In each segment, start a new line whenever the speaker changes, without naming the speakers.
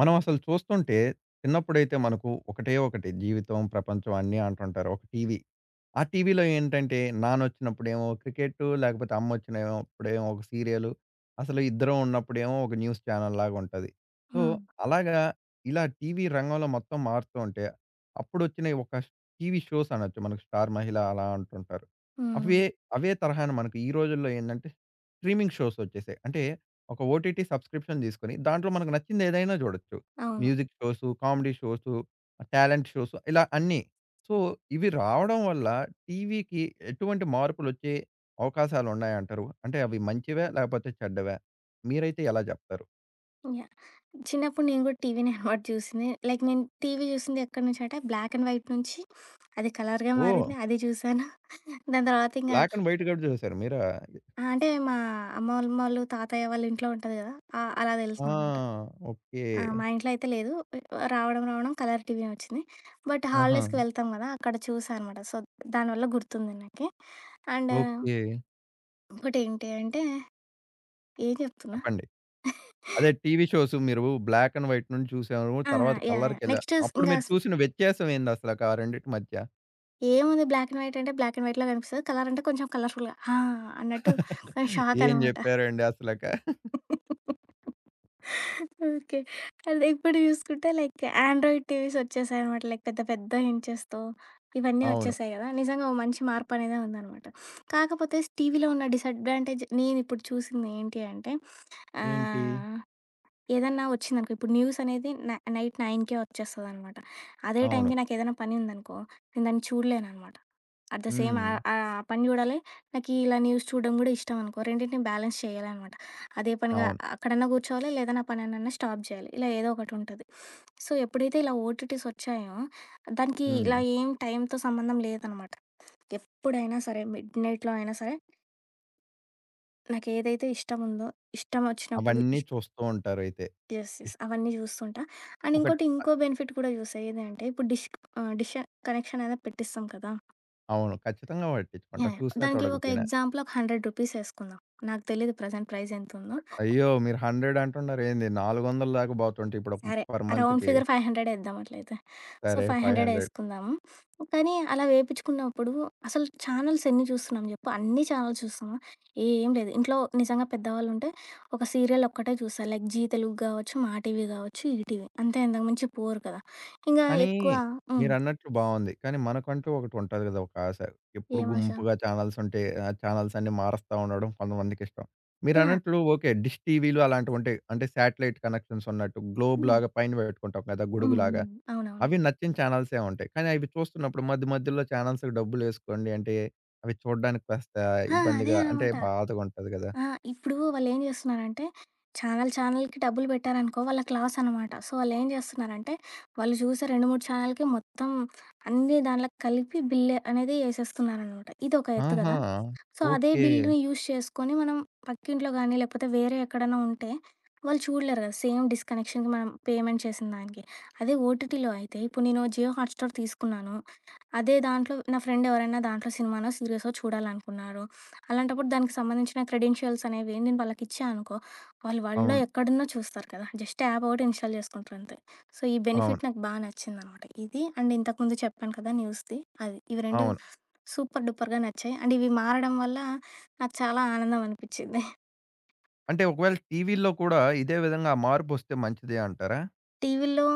మనం అసలు చూస్తుంటే, చిన్నప్పుడైతే మనకు ఒకటే ఒకటి జీవితం ప్రపంచం అన్నీ అంటుంటారు, ఒక టీవీ. ఆ టీవీలో ఏంటంటే, నాన్నొచ్చినప్పుడేమో క్రికెట్టు, లేకపోతే అమ్మ వచ్చినయో అప్పుడేమో ఒక సీరియలు, అసలు ఇద్దరం ఉన్నప్పుడేమో ఒక న్యూస్ ఛానెల్‌ లాగా ఉంటది. సో,
హ్మ్.
అలాగా, ఇలా టీవీ రంగంలో మొత్తం మారుతూ ఉంటే, అప్పుడు వచ్చినయి ఒక టీవీ షోస్ అనొచ్చు, మనకు 'స్టార్ మహిళ' అలా అంటుంటారు. అవే
హ్మ్.
అవే తరహాను మనకు ఈ రోజుల్లో ఏందంటే, స్ట్రీమింగ్ షోసొచ్చేసాయి. అంటే ఒక ఓటీటీ సబ్‌స్క్రిప్షన్ తీసుకొని, దాంట్లో మనకు నచ్చింది ఏదైనా చూడొచ్చు.
అవును.
Music shows, comedy shows, talent shows ఇలా అన్నీ. సో, ఇవి రావడం వల్ల టీవీకి ఎటువంటి మార్పులొచ్చే అవకాశాలు ఉన్నాయంటారు? అంటే, అవి మంచివా లేకపోతే చెడ్డవా? మీరైతే ఎలా జెప్తారు?
యాహ్! చిన్నప్పుడు నేను కూడా టీవీనే హార్డ్ చూసింది. లైక్ నేను టీవీ చూసింది ఎక్కడి నుంచి అంటే, బ్లాక్ అండ్ వైట్ నుంచి అది కలర్‌గా మారింది.
ఓహ్!
అది చూశాను. దాని తర్వాత ఇంగా
బ్లాక్ అండ్ వైట్ కూడా చూసారా మీర అది?
ఆ! అంటే, మా అమ్మోలమోళ్ళు, తాతయ్య వాళ్ళ ఇంట్లో ఉంటది గదా! ఆహ్, అలా
ఆ!
తెలుసనమాట. ఆ!
ఓకే.
మా ఇంట్లో అయితే లేదు. రావడం, రావడం కలర్ టీవే వచ్చింది. బట్
ఆహా!
హాలిడేస్‌కి వెళ్తాం గదా! అక్కడ చూసా అనమాట. సో, దానివల్ల గుర్తుంది నాకి. And
okay.
ఇంకోటేంటి అంటే, ఏం జెప్తున్నా?
చెప్పండి. అదే టీవీ షోసు మీరు బ్లాక్ అండ్ వైట్ నుంచి చూసారు,
ఆ!
తర్వాత
యాహ్ యాహ్!
కలర్‌కెళ్ళా
నెక్స్టు స్
అప్పుడు
ఇంగా
మీరు
స్
చూసిన వ్యత్యామేందసల కా రెండిటి మధ్య?
ఏముంది బ్లాక్ అండ్ వైట్ అంటే బ్లాక్ అండ్ వైట్‌లో కనిపిస్తది. కలర్ అంటే కొంచెం కలర్ ఫుల్‌గా ఆ! అన్నట్టు కొంచెం షాక్
ఏం
అనమాట.
చెప్పారండి అసలక
ఓకే. అదే ఇప్పుడు చూసుకుంటే లైక్ ఆండ్రాయిడ్ టీవీస్ ఒచ్చేసాయనమాట. లైక్ పెద్ద పెద్ద ఇంచెస్‌తో ఇవన్నీ
అవును.
ఒచ్చేసాయి కదా! నిజంగా ఓ మంచి మార్పనేదే ఉందనమాట. కాకపోతే టీవీలో ఉన్న డిసడ్వాంటేజ్ నేనిప్పుడు చూసింది ఏంటి అంటే,
ఏంటి?
ఆహ్, ఏదన్నా వచ్చిందనుకో, ఇప్పుడు న్యూస్ అనేది నై నైట్ నైన్‌కే వచ్చేస్తదనమాట. అదే
అవును.
టైంకి నాకేదైనా పని ఉందనుకో నేను దాన్ని చూడలేననమాట. ఎట్ ద సేమ్ ఆహ్,
హ్మ్.
ఆ పని చూడాలి నాకు ఇలా న్యూస్ చూడడం కూడా ఇష్టం అనుకో. రెండిటిని నేను బ్యాలెన్స్ చేయాలనమాట. అదే పనిగా
అవును.
అ అక్కడన్నా కూర్చోవాలి లేదా నా పనిన్నన్నా స్టాప్ చేయాలి. ఇలా ఏదోకటుంటది. సో, ఎప్పుడైతే ఇలా ఓటీటీసొచ్చాయో దానికి ఇలా
హ్మ్.
ఏం టైంతో సంబంధం లేదనమాట. ఎప్పుడైనా సరే మిడ్ నైట్‌లో అయినా సరే నాకేదైతే ఇష్టముందో, ఇష్టం వచ్చినప్పుడు
అవన్నీ
ఇష్
చూస్తూ ఉంటారయితే.
యెస్. యెస్. అవన్నీ చూస్తుంటా. అండ్
ఒకట్
ఇంకోటి
ఆహ్
ఇంకో బెనిఫిట్ కూడా చూసా. ఏదంటే, ఇప్పుడు డిష్ ఆహ్, డిష్ కనెక్షననేది పెట్టిస్తాం కదా!
అవును. ఖచ్చితంగా పట్టించుకుంటాం.
యాహ్! యాహ్!
చూసినా
దానికి ఒక
చూడకపోయినా.
ఎగ్జాంపుల్ ఒక 100 ఏసుకుందాం. నాకు తెలీదు ప్రజెంట్ ప్రైజ్ ఎంతుందో?
అయ్యో! మీరు హండ్రెడంటున్నారేంది 400 దాకా పోతుంటే ఇప్పుడొక
సరే.
పర్
రౌండ్
మంత్‌కి.
ఫిగర్ ఫైవ్ హండ్రెడేద్దాం అట్లయితే. సో,
సరే,
ఫైవ్
500 500
హండ్రెడేసుకుందాము. కానీ అలా వేపించుకున్నప్పుడు అసలు ఛానెల్స్ ఎన్ని చూస్తున్నాం చెప్పు? అన్నీ ఛానెల్స్ చూస్తమా. ఏం లేదు. ఇంట్లో నిజంగా పెద్దవాళ్ళు ఉంటే ఒక సీరియలొక్కటే జూస్తారు. లైక్ 'జీ తెలుగు' గావచ్చు, 'మాటీవీ' గావచ్చు, 'ఈటీవీ.' అంతే ఎంతకు మంచి పోరు కదా! ఇంగా
కానీ,
ఎక్కువ హ్మ్.
మీరన్నట్లు బావుంది. కానీ మనకంటూ ఒకటి ఉంటది కదా! ఒకాశ. ఎప్పుడు
ఏం ఆశ?
గుంపుగా ఛానెల్సుంటే ఆహ్, ఛానెల్స్ అన్నీ మారుస్తా ఉండడం కొంతమందికి ఇష్టం.
యాహ్!
మీరన్నట్లు ఓకే. డిష్ టీవీలు అలాంటివి ఉంటాయి అంటే శాటిలైట్ కనెక్షన్స్ ఉన్నట్టు
హ్మ్.
గ్లోబ్‌లాగా పైన పెట్టుకుంటాం కదా!
హ్మ్.
గొడుగులాగా.
హ్మ్. అవునవును.
అవి నచ్చిన ఛానెల్సుంటాయి. కానీ అవి చూస్తున్నప్పుడు మధ్య మధ్యుల్లో ఛానెల్స్‌కి డబ్బులేసుకోండి అంటే అవి చూడ్డానికి కాస్త
ఆ! అదే
ఇబ్బందిగా అంటే
అనమాట.
బాధగుంటది కదా!
ఆ! ఇప్పుడు వాళ్ళేం చేస్తున్నారంటే, ఛానెల్ ఛానెల్‌కి డబ్బులు పెట్టారనుకో వాళ్ళకి లాసనమాట. సో, వాళ్ళేం జేస్తున్నారంటే, వాళ్ళు చూసే 2, 3 ఛానెల్‌కి మొత్తం అన్నీ దానిలో కలిపి బిల్ అనేది ఏసేస్తున్నారనమాట. ఇదొక ఎత్తు
ఆహా!
కదా! సో, అదే
ఓకే.
బిల్లు యూజ్ చేసుకొని మనం పక్కింట్లో గాని, లేకపోతే వేరే ఎక్కడైనా ఉంటే, వాళ్ళు చూడలేరు కదా! సేమ్ డిష్ కనెక్షన్‌కి మనం పేమెంట్ చేసిన దానికి. అదే ఓటీటీలో అయితే ఇప్పుడు నేను 'జియో హాట్‌స్టార్' తీసుకున్నాను. అదే దాంట్లో నా ఫ్రెండెవరైనా దాంట్లో సినిమానో సీరిసో చూడాలనుకున్నారు. అలాంటప్పుడు దానికి సంబంధించిన క్రెడెన్షియల్స్ అనేవి నేను వాళ్ళకి ఇచ్చా అనుకో వాళ్ళు వరల్డ్‌లో
అవును.
ఎక్కడున్న చూస్తారు కదా! జస్ట్ యాప్ ఒకటి ఇన్‌స్టాల్ చేసుకుంటారంతే. సో ఈ
అవును.
బెనిఫిట్ నాకు బా నచ్చిందనమాట. ఇది అండ్ ఇంతకుముందు చెప్పాను కదా! న్యూస్ది అది. ఇవి 2
అవును.
సూపర్ డూపర్‌గా నచ్చాయి. అండ్ ఇవి మారడం వల్ల నాకు చాలా ఆనందం అనిపిచ్చింది.
అంటే ఒకవేళ టీవీల్లో కూడా ఇదే విధంగా మార్పొస్తే మంచిదే అంటారా?
టీవీల్లో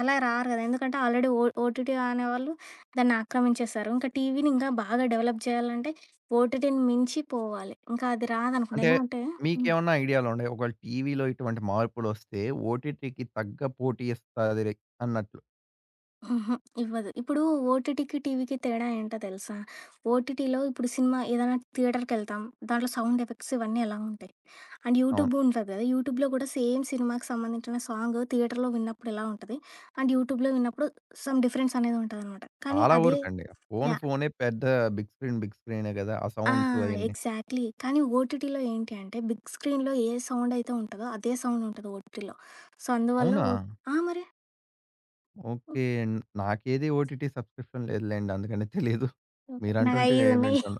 అలా రారు అది ఎందుకంటే, ఆల్రెడీ ఓ ఓటీటీ అనేవాళ్ళు, దాన్ని ఆక్రమించేేశారు. ఇంకా టీవీని, ఇంకా బాగా డెవలప్ చేయాలంటే, ఓటీటీని మించి పోవాలి. ఇంకా అది రాదనుకోండి.
అంటే,
ఎందుకంటే హ్మ్.
మీకేమన్నా ఐడియాలు ఉండయ? ఒకవేళ టీవీలో ఇటువంటి మార్పులొస్తే, ఓటీటీకి తగ్గ పోటీ ఇస్తదిరి అన్నట్టు.
హుహు. ఇవ్వదు. ఇప్పుడు, ఓటీటీకి, టీవీకి తేడా ఏంటో తెలుసా? ఓటీటీలో ఇప్పుడు సినిమా ఏదైనా థియేటర్‌కెళ్తాం. దాంట్లో, సౌండ్ ఎఫెక్ట్స్ ఇవన్నీ ఎలా ఉంటాయి? అండ్
అవును.
యూట్యూబ్‌ ఉంటది కదా! యూట్యూబ్‌లో కూడా సేమ్ సినిమాకి సంబంధించిన సాంగ్ థియేటర్‌లో విన్నప్పుడు ఎలా ఉంటది? అండ్ యూట్యూబ్‌లో విన్నప్పుడు సమ్ డిఫరెన్స్ అనేది ఉంటదనమాట. కానీ
చాలా
అదే
వరకండి. Phone
yeah!
ఫోనే, పెద్ద బిగ్ స్క్రీన్ బిగ్ స్క్రీనే కదా! ఆ
ఆ!
సౌండ్సు అయన్నీ.
ఎగ్జాక్ట్‌లీ. కానీ, ఓటీటీలో ఏంటి అంటే, బిగ్ స్క్రీన్‌లో ఏ సౌండ్ అయితే ఉంటదో, అదే సౌండ్ ఉంటది ఓటీటీలో. సో అందువల్ల
అవునా?
ఓట్ ఆ! మరి?
ఓకే.
హ్మ్.
నాకేది ఓటీటీ సబ్‌స్క్రిప్షన్ లేదులెండి. అందుకనే తెలీదు.
ఓకే నాకు
మీరంటుంటే
5
నే
ఉన్నయి.
వింటున్న.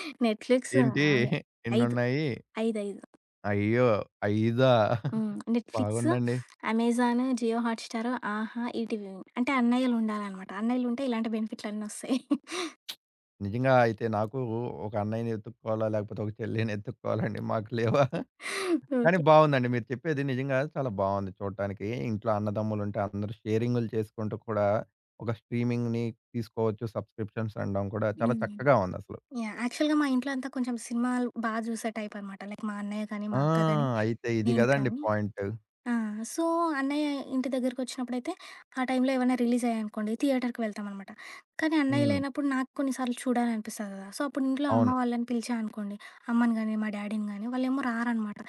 నెట్‌ఫ్లిక్స్,
ఏంటి
ఏమో 5
ఎన్నున్నాయి?
5, 5
అయ్యో! ఐదా!
హ్మ్. నేట్‌ఫ్లిక్స్,
బాగుందండి.
అమెజాన్, జియో హాట్ స్టార్, ఆహా, ఈటివి మూవి అంటే, అన్నయ్యలు ఉండారనమాట. అన్నయ్యలు ఉంటే ఇలాంటి బెనిఫిట్‌లన్నీ వస్తాయి.
నిజంగా అయితే నాకు ఒ ఒక అన్నయ్యని ఎత్తుక్కోవాలా, లేకపోతే ఒక చెల్లిని ఎత్తుక్కోవాలండి, మాకు లేవా? కాని
ఓకే.
బాగుందండి, మీరు చెప్పేది. నిజంగా చాలా బావుంది చూట్టానికి. ఇంట్లో అన్నదమ్ములుంటే, అందరూ షేరింగులు చేసుకుంటూ కూడా, ఒక స్ట్రీమింగ్‌ని తీసుకోవచ్చు. సబ్‌స్క్రిప్షన్స్ అనడం కూడా చాలా
హ్మ్.
చక్కగా ఉందసలు.
యాహ్! యాక్చువల్‌గా మా ఇంట్లో అంతా కొంచెం సినిమాలు, బాగా చూసే టైప్ అనమాట. లైక్ మా అన్నయ్య కాని, మా
ఆ!
అక్క గాని,
అయితే ఇది
నేను
కదండీ,
కానీ,
పాయింటు.
ఆ! సో అన్నయ్య ఇంటి దగ్గరికొచ్చినప్పుడైతే, ఆ టైంలో ఏవైనా రిలీజ్ అయ్యాయనుకోండి, థియేటర్‌కి వెళ్తామనమాట. కానీ, అన్నయ్య
హ్మ్.
లేనప్పుడు, నాకు కొన్ని సార్లు చూడాల అనిపిస్తది కదా! సో అప్పుడు, ఇంట్లో అమ్మ
అవును.
వాళ్ళని పిలిచా అనుకోండి, అమ్మని గాని, మా డ్యాడీని గాని, వాళ్ళేమో రారనమాట!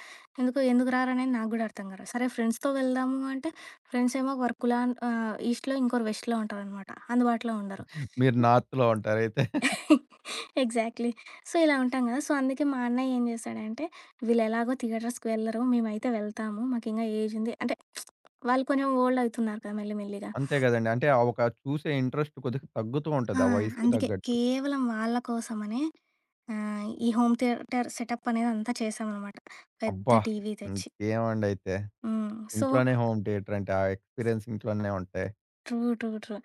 ఎందుకొ ఎందుకు రారనేది నాకు కూడా అర్థంకారు. సరే ఫ్రెండ్స్‌తో వెళ్దాము అంటే, ఫ్రెండ్స్ ఏమో, వర్క్‌లాన్ ఆ! ఈస్ట్‌లో ఇంకోరు వెస్ట్‌లో ఉంటారనమాట. అందుబాటులో ఉండరు.
మీరు నార్త్‌లో ఉంటారైతే.
ఎగ్జాక్ట్‌లీ. సో ఇలా ఉంటాం కదా! సో అందుకే మా అన్నయ్య, ఏం చేశాడంటే, వీళ్ళేలాగో థియేటర్స్‌కి వెళ్లరు, మేమైతే వెళ్తాము. మాకింగా ఏజ్ ఉంది. అంటే, వాళ్ళు కొంచెం ఓల్డ్ అవుతున్నారు కదా! మెల్లి మెల్లిగా.
అంతే కదండీ. అంటే ఆ ఒక చూసే ఇంట్రెస్ట్ కొద్దిగా తగ్గుతూ
ఆ!
ఉంటది, ఆ వయసుకు
అందుకే.
తగ్గట్టు.
కేవలం వాళ్ళ కోసమనే, ఆహ్, ఈ హోమ్ థియేటర్ సెటప్ అనేది, అంతా చేశామనమాట. పెద్ద
అబ్బా!
టీవీ
హ్మ్.
తెచ్చి.
ఏమండ అయితే?
హ్మ్. సో
ఇంట్లోనే హోమ్ థియేటర్ అంటే, ఆ ఎక్స్‌పీరియన్స్ ఇంట్లోనే ఉంటాయి.
True, true, true.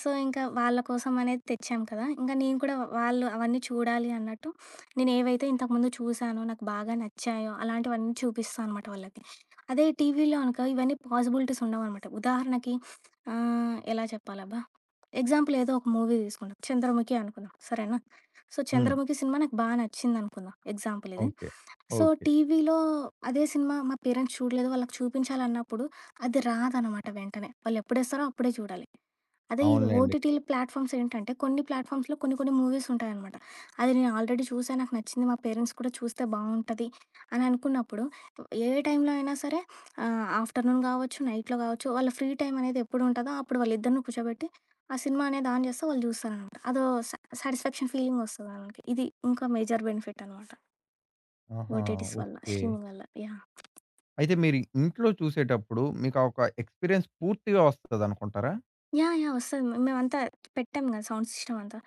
సో, ఇంకా వాళ్ళ కోసం అనేది తెచ్చాం కదా! ఇంకా నేను కూడా వాళ్ళు అవన్నీ చూడాలి అన్నట్టు నేనేవైతే ఇంతకుముందు చూసానో, నాకు బాగా నచ్చాయో అలాంటివన్నీ చూపిస్తా అనమాట వాళ్ళకి. అదే టీవీలో అనుకో ఇవన్నీ పాజిబిలిటీస్ ఉండవనమాట. ఉదాహరణకి ఆహ్, ఎలా చెప్పాలబ్బా? ఎగ్జాంపుల్ ఏదో ఒక మూవీ దీసుకుంటా. 'చంద్రముఖి' అనుకుందాం. సరేనా! సో,
హ్మ్.
'చంద్రముఖి' సినిమా నాకు బా నచ్చిందనుకుందాం. ఎగ్జాంపుల్ ఇది
ఓకే.
So,
okay.
టీవీలో అదే సినిమా మా పేరెంట్స్ చూడలేదు. వాళ్ళకి చూపించాలన్నప్పుడు అది రాదనమాట వెంటనే. వాళ్ళు ఎప్పుడేస్తారో అప్పుడే చూడాలి. అదే ఈ
అవునులెండి.
ఓటీటీలు ప్లాట్‌ఫా‌మ్స్ ఏంటంటే కొన్ని ప్లాట్‌ఫా‌మ్స్‌లో కొన్ని కొన్ని మూవీస్ ఉంటాయనమాట. అది నేను ఆల్రెడీ చూసే నాకు నచ్చింది. మా పేరెంట్స్ కూడా చూస్తే బావుంటది. అననుకున్నప్పుడు ఏ టైంలో అయినా సరే ఆహ్, ఆఫ్ట్‌ర్‌నున్ గావచ్చు, నైట్‌లో గావచ్చు వాళ్ళ ఫ్రీ టైమ్ అనేది ఎప్పుడు ఉంటదో అప్పుడు వాళ్ళిద్దరిని కూర్చోబెట్టి ఆ సినిమా అనేది ఆన్ జేస్తే వాళ్ళు చూస్తారనమాట. అదో సా సాటిస్ఫాక్షన్ ఫీలింగ్ ఒస్తది వాళ్ళకి. ఇది ఇంకా మేజర్ బెనిఫిట్ అనమాట.
ఆహా!
ఓటి‌టిస్ వల్ల
ఓకే.
స్ట్రీమింగ్ వల్ల యాహ్!
అయితే మీరు ఇంట్లో చూసేటప్పుడు మీకు ఒక ఎక్స్‌పిరియన్స్ పూర్తిగా ఒస్తదనుకుంటారా?
యాహ్! యాహ్! ఒస్తది. మ మేమంతా పెట్టాం గదా! సౌండ్ సిస్షమ్ అంతా.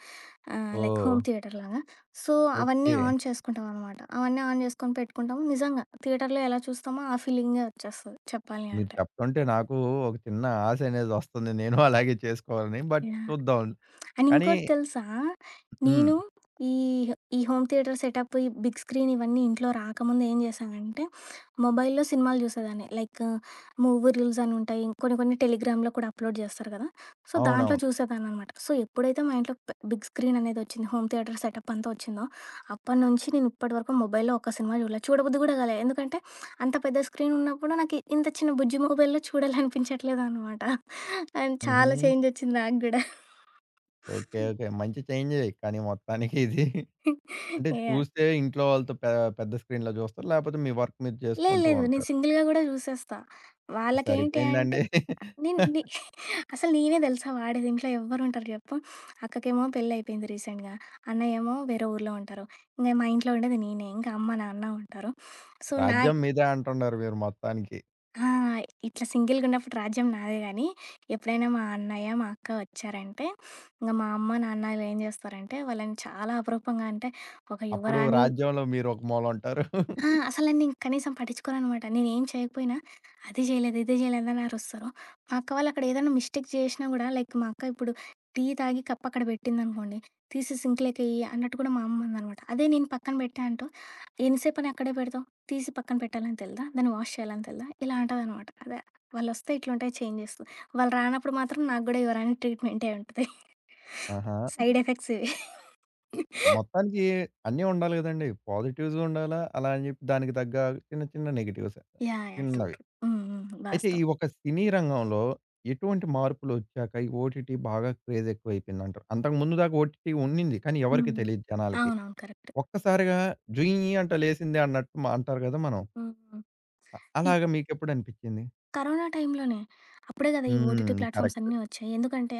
Ah, like home
oh!
థియేటర్‌లా‌గా. సో అవన్నీ
ఓకే.
ఆన్ చేసుకుంటాం అనమాట. అవన్నీ ఆన్ జేసుకొని పెట్టుకుంటాము. నిజంగా థియేటర్‌లో ఎలా చూస్తామో ఆ ఫీలింగే ఒచ్చేస్తది చెప్పాలి
మీరు
అంటే.
చప్తుంటే నాకు ఒక చిన్న ఆశ అనేది ఒస్తుంది. నేను అలాగే చేసుకోవాలని బట్
యాహ్!
చూద్దాం.
ఆండ్
కానీ
ఇంకోటి తెలుసా?
హ్మ్.
నేను ఈ ఈ హోమ్ థియేటర్ సెటప్ ఈ బిగ్ స్క్రీన్ ఇవన్నీ ఇంట్లో రాకముందు ఏం జేశానంటే మొబైల్‌లో సినిమాలు చూసేదాన్ని. లైక్ మూవీ రూల్స్ అని ఉంటాయి. కొన్ని, కొన్ని టెలిగ్రామ్‌లో కూడా అప్లోడ్ చేస్తారు గదా! సో దాంట్లో
అవునవును.
చూసేదాన్ననమాట. సో ఎప్పుడైతే మా ఇంట్లో ప్ బిగ్ స్క్రీన్ అనేదొచ్చిందో, హోమ్ థియేటర్ సెటప్ అంతా ఒచ్చిందో అప్పట్నుంచి నేను ఇప్పటి వరకు మొబైల్‌లో ఒక్క సినిమా జూడలే. చూడబుద్ది కూడా కాలే. ఎందుకంటే అంత పెద్ద స్క్రీన్ ఉన్నప్పుడు నాకు ఇంత చిన్న బుజ్జి మొబైల్‌లో చూడాలనిపించట్లేదన్నమాట. ఆండ్ చాలా
హుహూ!
చేంజ్ ఒచ్చింది నాకుడా.
ఓకే. ఓకే. మంచి చేంజే కానీ మొత్తానికిది. అంటే
యాహ్!
చూస్తే ఇంట్లో వాళ్ళతో పె పెద్ద స్క్రీన్‌లో జూస్తారు? లేపోతే మీ వర్క్ మీరు
లేదు.
చేసుకుంటూ
లేదు. నేను
ఉంటారు.
సింగిల్‌గా గూడా జూసేస్తా. వాళ్ళకేంటి అంటే
సరిపోయిందండి.
నిన్ ని అసలు నేనే తెలుసా వాడేది ఇంట్లో ఎవ్వరు ఉంటారు చెప్పు. అక్కకేమో పెళ్ళైపోయింది రీసెంట్‌గా, అన్న ఏమో వేరే ఊర్లో ఉంటారు. ఇంక మా ఇంట్లో ఉండేది నేనే ఇంక అమ్మ, నాన్న ఉంటారు. సో నా
రాజ్యం మీదే అంటున్నారు మీరు మొత్తానికి.
ఆ! ఇట్లా సింగిల్‌గున్నపుడు రాజ్యం నాదే గానీ, ఎప్పుడైనా మా అన్నయ్య, మా అక్క ఒచ్చారంటే ఇంగ మా అమ్మ నాన్నలేం జేస్తారంటే వాళ్ళని చాలా అపరూపంగా అంటే, ఒక
అప్పుడు
యువరాణి
రాజ్యంలో మీరొక మూల ఉంటారు.
ఆ! అసల నన్నిం కనీసం పటించుకోననమాట. నేనుం చేయకపోయినా "అది జేయలేదు, ఇది జేయలేదు" అని అరుస్తరు. మా అక్క వాళ్ళక్కడ ఏదైనా మిస్టేక్ జేసినా గూడా లైక్ మా అక్క ఇప్పుడు టీ తాగి కప్పక్కడ బెట్టిందనుకోండి. తీసి సింక్‌లోకేయ్యి అన్నట్టు కూడా మా అమ్మ అనదనమాట. అదే నేను పక్కన బెట్టా అంటూ, "ఎంత సేపని అక్కడే బెడతావు తీసి పక్కన పెట్టాలని తెలదా? దాన్ని వాష్ చేయాలని తెలదా?" ఇలా అంటదనమాట. అదే వాళ్ళొస్తే ఇట్లు ఉంటాయి చేంజెస్. వాళ్ళు రానప్పుడు మాత్రం నాకు గూడా యువరాణి ట్రీట్‌మెంటే ఉంటది.
ఆహా!
సైడ్ ఎఫెక్ట్స్ ఇవి.
మొత్తానికి అన్నీ ఉండాలి గదండి! పాజిటివ్స్ ఉండాలా, అలా అని జెప్పి దానికి తగ్గ చిన్న చిన్న నెగెటివ్స్.
యాహ్! Yeah true.
చిన్నవి.
ట్రూ హ్మ్. హ్మ్.
అయితే ఈ
వాస్తవం.
ఒక్క సినీ రంగంలో ఎటువంటి మార్పులొచ్చాక ఈ ఓటిటి బాగా క్రేజ్ ఎక్కువైపోయిందంటావు. అంతకు ముందు దాకా ఓటిటి ఉన్నింది కానీ ఎవరికీ
హ్మ్.
తెలీదు జనాలకి.
అవునవును కరెక్ట్.
ఒక్కసారిగా అంటా లేసింది అన్నట్టు మా అంటారు గదా! మనం.
హుహు.
అ
ఈ
అలాగా మీకెప్పుడనిపిచ్చింది?
కరోనా టైంలోనే. అప్పుడే గదా! ఈ ఓటిటి
హ్మ్.
Platforms
correct.
అన్నీ ఒచ్చాయి. ఎందుకంటే,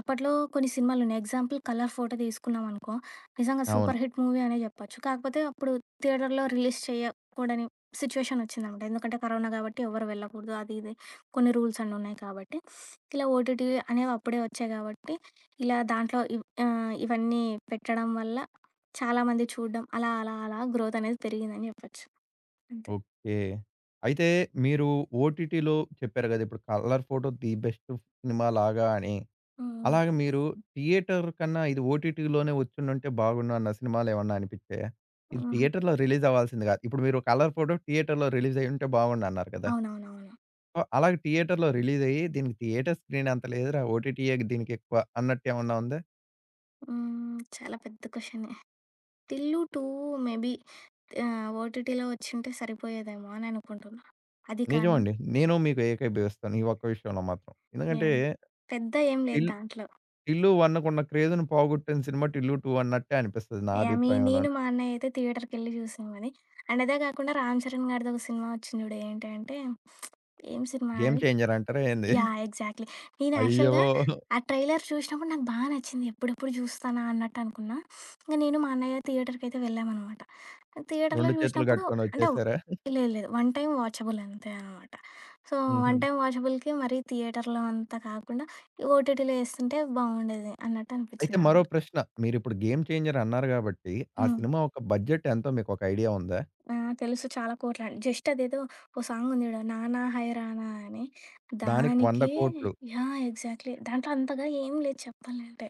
అప్పట్లో కొన్ని సినిమాలున్నయి. ఎగ్జాంపుల్ 'కలర్ ఫోటో' తీసుకున్నామనుకో, నిజంగా
అవును.
సూపర్ హిట్ మూవీ అనే జెప్పొచ్చు. కాకపోతే అప్పుడు థియేటర్‌లో రిలీజ్ చేయకూడని సిచ్యుయేషన్ ఒచ్చిందనమాట. ఎందుకంటే, కరోనా కాబట్టి, ఎవ్వరు వెళ్ళకూడదు. అది, ఇది కొన్ని రూల్స్ అన్నీ ఉన్నాయి కాబట్టి, ఇలా ఓటిటి అనేవప్పుడే ఒచ్చాయి కాబట్టి ఇలా దాంట్లో ఇవ్ ఆహ్, ఇవన్నీ పెట్టడం వల్ల చాలామంది చూడ్డం. అలా, అలా, అలా గ్రోత్ అనేది పెరిగిందని జెప్పచ్చు. అంతే.
ఓకే. అయితే మీరు ఓటిటిలో చెప్పారు గదా! ఇప్పుడు 'కలర్ ఫోటో' ది బెస్ట్ సినిమాలాగా అని.
హ్మ్.
అలాగ మీరు థియేటర్ కన్నా ఇది ఓటిటిలోనే ఒచ్చుండుంటే బాగుండు అన్న సినిమాలేమన్నా అనిపిచ్చాయ? ఇది
హుహు.
థియేటర్‌లో రిలీజ్ అవ్వాల్సింది కాదు. ఇప్పుడు మీరు 'కలర్ ఫోటో' థియేటర్‌లో రిలీజయ్యుంటే బావుండన్నారు కదా!
అవునవునవును.
సో, అలాగ థియేటర్‌లో రిలీజయ్యి దీనికి థియేటర్ స్క్రీనంత లేదురా ఓటిటియే దీనికెక్కువ అన్నట్టేమన్నా ఉందా?
హ్మ్. చాలా పెద్ద క్వెషనే. 'టిల్లు2' మేబీ ఆహ్, ఓటీటీలో వచ్చింటే సరిపోయేదేమో అని అనుకుంటున్నా. అది కాని
నిజమండి. నేను మీతో ఏకీభవిస్తాను ఈ ఒక్క విషయంలో మాత్రం. ఎందుకంటే
యాహ్! పెద్ద ఏం లేదు
టిల్
దాంట్లో.
'టిల్లు1కున్న' క్రేజ్‌ని పోగొట్టిన సినిమా. 'టిల్లు2' అన్నట్టే అనిపిస్తది నా
యాహ్! మె నేను
అభిప్రాయంలోను.
మా అన్నయ్య అయితే థియేటర్‌కెళ్ళి చూసామది. అండ్ అదే కాకుండా రామ్ చరణ్ గారిది ఒక సినిమా వచ్చింది జూడు. ఏంటి అంటే ఏం సినిమా
'గేమ్
అది?
చేంజర్' అంటారా ఏంది?
యాహ్! ఎగ్జాక్ట్‌లి. నేను
అయ్యో!
యాక్చువల్‌గా ఆ ట్రైలర్ చూసినప్పుడు నాకు బా నచ్చింది. ఎప్పుడెప్పుడు చూస్తానా అన్నట్టు అనుకున్నా. ఇంక నేను మా అన్నయ్య థియేటర్‌కయితే వెళ్ళామనమాట. ఆ థియేటర్లో
2 చేతులు
చూసినప్పుడు
గట్టుకొని
అంటే
వచ్చేసారా?
లేదు లేదు. 1 టైమ్ వాచబుల్ అంతే అనమాట. సో 1
హుహు.
టైమ్ వాచబుల్‌కి మరి థియేటర్‌లో, అంతా కాకుండా ఓటీటీలో ఏస్తుంటే బావుండేది అన్నట్టు
అయితే మరో
అనిపించిందనమాట.
ప్రశ్న మీరు ఇప్పుడు 'గేమ్ చేంజర్' అన్నారు గాబట్టి. ఆ
హ్మ్.
సినిమా ఒక్క బడ్జెట్ ఎంతో మీకు ఒక ఐడియా ఉందా?
ఆ! తెలుసు చాలా కోట్లని. జస్ట్ అదేదో ఓ సాంగుంది చూడండి. 'నానా హైరానా' అని.
దానికి వంద
దానికి
కోట్లు.
యాహ్! ఎగ్జాక్ట్‌లీ దాంట్లో అంతగా ఏం లేదు చెప్పాలంటే.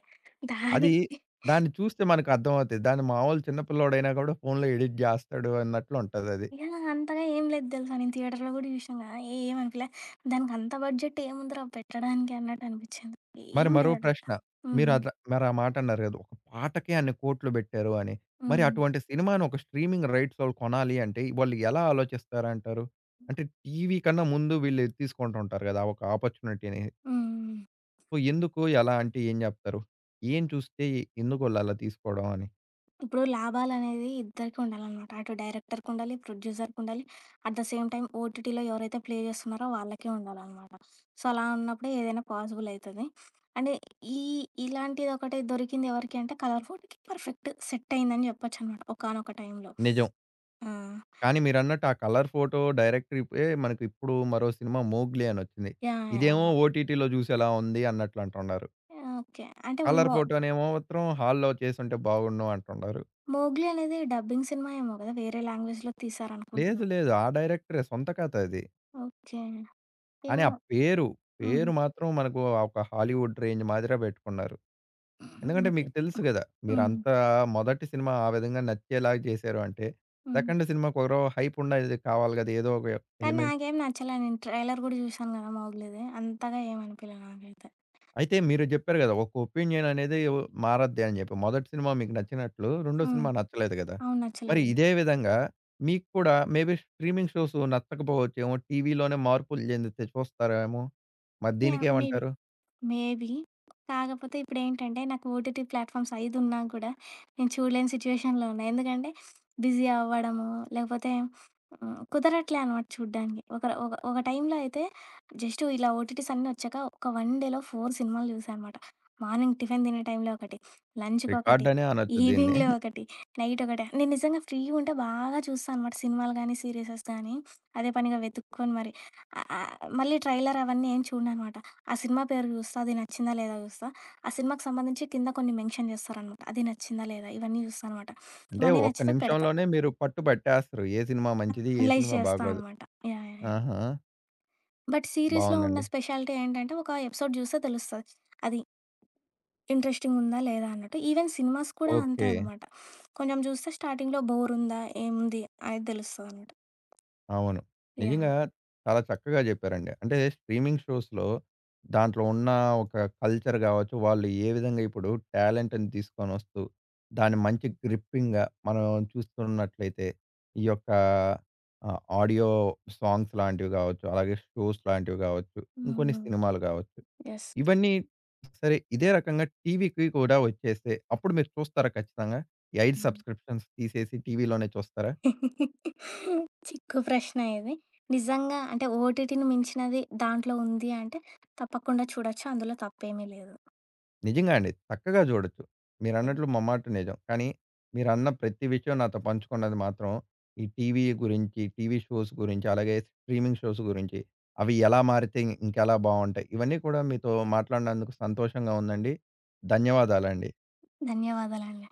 అది.
దానికి
దాన్ని చూస్తే మనకు అర్థమవుతది. దాన్ని మామూలు చిన్న పిల్లోడైనా గూడా ఫోనులో ఎడిట్ జేస్తాడు అన్నట్లు ఉంటదది.
యాహ్! అంతగా ఏం లేదు దెలుసా నేను థియేటర్‌లో కూడా చూషాం కదా! ఏమనిపిలే దానికి అంత బడ్జెట్ ఏముందిరా పెట్టడానికి అన్నట్టు అనిపించింది.
మరి
ఏం
మరో
లేదడబ.
ప్రశ్న.
హ్మ్.
మీరు అట్లా మరి ఆ మాట అన్నారు గదా! ఒక పాటకే అన్ని కోట్లు బెట్టారు అని. మరి
హ్మ్.
అటువంటి సినిమాని ఒక స్ట్రీమింగ్ రైట్సోళ్ళు కొనాలి అంటే వాళ్ళు ఎలా ఆలోచిస్తారంటారు? అంటే టీవీ కన్నా ముందు వీళ్ళు ఎది తీసుకుంటూ ఉంటారు గదా! ఒక ఆపర్చునిటీని.
హ్మ్.
సో ఎందుకు ఎలా అంటే ఏం జెప్తారు? ఏం చూస్తే. ఎందుకు వొళ్ళలా తీసుకోవడం అని?
ఇప్పుడు లాభాలనేది ఇద్దరికి ఉండాలనమాట. అటు డైరెక్టర్‌కుండాలి. ప్రొడ్యూసర్‌కుండాలి. అట్ ద సేమ్ టైమ్ ఓటిటిలో ఎవరైతే ప్లే జేస్తున్నారో వాళ్ళకే ఉండాలనమాట. సో అలా ఉన్నప్పుడే ఏదైనా పాజిబులయితది. అంటే ఈ ఇలాంటిదొకటి దొరికిందెవరికీ అంటే కలర్‌ ఫోటో‌కి పర్ఫెక్ట్ సెట్టయిందని జెప్పొచ్చనమాట. ఒకానొక టైంలో.
నిజం.
హ్మ్.
కానీ మీరన్నట్టు ఆ కలర్ ఫోటో డైరెక్ట్‌రిపే మనకిప్పుడు మరో సినిమా 'మొగ్లీ' అనొచ్చింది.
యాహ్!
ఇదేమో
యాహ్!
ఓటిటిలో జూసేలా ఉంది అన్నట్లంటున్నారు.
ఓకే. అంటే
కలర్
విమో
ఫోటోనేమో మాత్రం హాల్లో చేసుంటే బావుండును అంటున్నారు.
'మోగ్లి' అనేది డబ్బింగ్ సినిమా ఏమో గదా! వేరే లాంగ్వేజ్‌లో తీశారనుకుంటున్నా.
లేదు. లేదు. ఆ డైరెక్టరే సొంత కథ అది.
ఓకే.
కానీ ఆ
ఏమో!
పేరు,
హుహు.
పేరు మాత్రం మనకు ఒక హాలీవుడ్ రేంజ్ మాదిరా పెట్టుకున్నారు. ఎందుకంటే
ఓకే.
మీకు తెలుసు గదా!
హ్మ్.
మీరంతా మొదటి సినిమా ఆ విధంగా నచ్చేలాగా చేశారు అంటే.
హ్మ్.
సెకండ్ సినిమాకి ఒరో హైప్‌ వుండేది కావాలి గదా! ఏదో ఒక
కానీ
ఎలిమెంట్.
నాకేం నచ్చలా. నేను ట్రైలర్ గూడా జూసాను కదా 'మొగ్లీ‌ది'. అంతగా ఏమనిపియలె నాకైతే.
అయితే మీరు జెప్పారు కదా! ఒక ఒపీనియన్ అనేదె మారద్ది అని జెప్పి. మొదటి సినిమా మీకు నచ్చినట్లు, రెండో
హ్మ్.
సినిమా నచ్చలేదు గదా!
అవును.
మరి
నచ్చలేదు.
ఇదే విధంగా మీకు కూడా మేబీ స్ట్రీమింగ్ షోస్ నచ్చకపోవచ్చెమో టీవీలోనే మార్పులు జెందితే చూస్తారెమో? మరి
యాహ్! మేబి.
దీనికేమంటారు?
మేబీ. కాకపోతే ఇప్పుడేంటంటే నాకు ఓటిటి ప్లాట్‌ఫామ్స్ ఐదున్నా గూడా నేను చూడలేని సిచ్యుయేషన్‌లో ఉన్నా. ఎందుకంటే బిజీ అవ్వడము, లేకపోతే ఆహ్, కుదరట్లే అనమాట చూడ్డానికి. ఒకరు ఒక ఒక టైంలో అయితే జస్ట్ ఇలా ఓటీటీస్ అన్నీ ఒచ్చాక ఒక వన్ డేలో 4 సినిమాలు జూసా అనమాట. మార్నింగ్ టిఫిన్ తినే టైంలో ఒకటి,
రికార్డ్‌
లంచుకొకటి,
అనే అనొచ్చు దీన్ని.
ఈవినింగ్‌లో ఒకటి నైట్ ఒకటి నేను నిజంగా ఫ్రీ ఉంటే బాగా చూస్తా అనమాట సినిమాలు గాని, సీరిసెస్ గానీ. అదే పనిగా వెతుక్కొని మరి. ఆ ఆహ్, మళ్ళీ ట్రైలర్ అవన్నీ ఏం చూడననమాట. ఆ సినిమా పేరు చూస్తా అది నచ్చిందా లేదా చూస్తా? ఆ సినిమాకు సంబంధించి కింద కొన్ని మెన్షన్ జేస్తారనమాట. అది నచ్చిందా లేదా ఇవన్నీ చూస్తా అనమాట.
అంటే
ఇవన్నీ
ఒక్క
నచ్చితే పెడతా.
నిమిషంలోనే మీరు పట్టు పట్టేస్తారు. ఏ సినిమా మంచిది? ఏ
అనలైజ్
సినిమా
జేస్తా
బాగోదు?
అనమాట. యాహ్! యాహ్! యాహ్!
ఆహా!
బట్ సీరీస్‌లొ ఉన్న
బావుందండి.
స్పెషాలిటీ ఏంటంటే, ఒక ఎపిసోడ్ జూస్తే తెలుస్తది. అది... ఇంట్రెస్టింగ్‌గ ఉందా. లేదా అన్నట్టు. ఈవెన్ సినిమాస్ కూడా అంతే
ఓకే.
అనమాట. కొంచెం చూస్తే స్టార్టింగ్‌లొ బోర్ ఉందా? ఏముంది? అనేది తెలుస్తదనమాట.
అవును.
యాహ్!
నిజంగా. చాలా చక్కగా చెప్పారండి. అంటే, స్ట్రీమింగ్ షోస్‌లొ. దాంట్లో ఉన్న ఒక కల్చర్ గావచ్చు. వాళ్ళు ఏ విధంగా ఇప్పుడు టాలెంట్‌ని తీసుకొని వస్తు, దాని మంచి గ్రిప్పింగ్‌గా. మనం చూస్తూ ఉన్నట్లయితే. ఈ యొక్క ఆహ్, ఆడియో సాంగ్స్ లాంటివి కావచ్చు. అలాగే షో‌స్ లాంటివి కావచ్చు.
హ్మ్.
ఇంకొన్ని
హ్మ్.
సినిమాలు కావచ్చు.
యెస్.
ఇవన్నీ సరే ఇదే రకంగా టీవీకి కూడా వచ్చేస్తే, అప్పుడు మీరు చూస్తారా? ఖచ్చితంగా. ఈ 5
హ్మ్.
సబ్స్క్రిప్షన్స్ తీసేసి టీవీలోనే చూస్తారా?
చిక్కు ప్రశ్న ఇది. నిజంగా అంటే, ఓటీటీని మించినది దాంట్లో ఉంది అంటే, తప్పకుండా చూడొచ్చు. అందులో తప్పేమీ లేదు.
నిజంగా అండి. చక్కగా చూడొచ్చు.
[unintelligible]
మీరన్నట్లు ముమ్మాటి నిజం. కానీ. మీరన్న ప్రతి విషయం నాతో పంచుకున్నది మాత్రం. ఈ టీవీ గురించి. టీవీ షోస్ గురించి. అలాగే స్ట్రీమింగ్ షోస్ గురించి. అవి ఎలా మారితే ఇంకెలా బావుంటాయి? ఇవన్నీ కూడా మీతో మాట్లాడినందుకు సంతోషంగా ఉందండి? ధన్యవాదాలండి.
ధన్యవాదాలండి.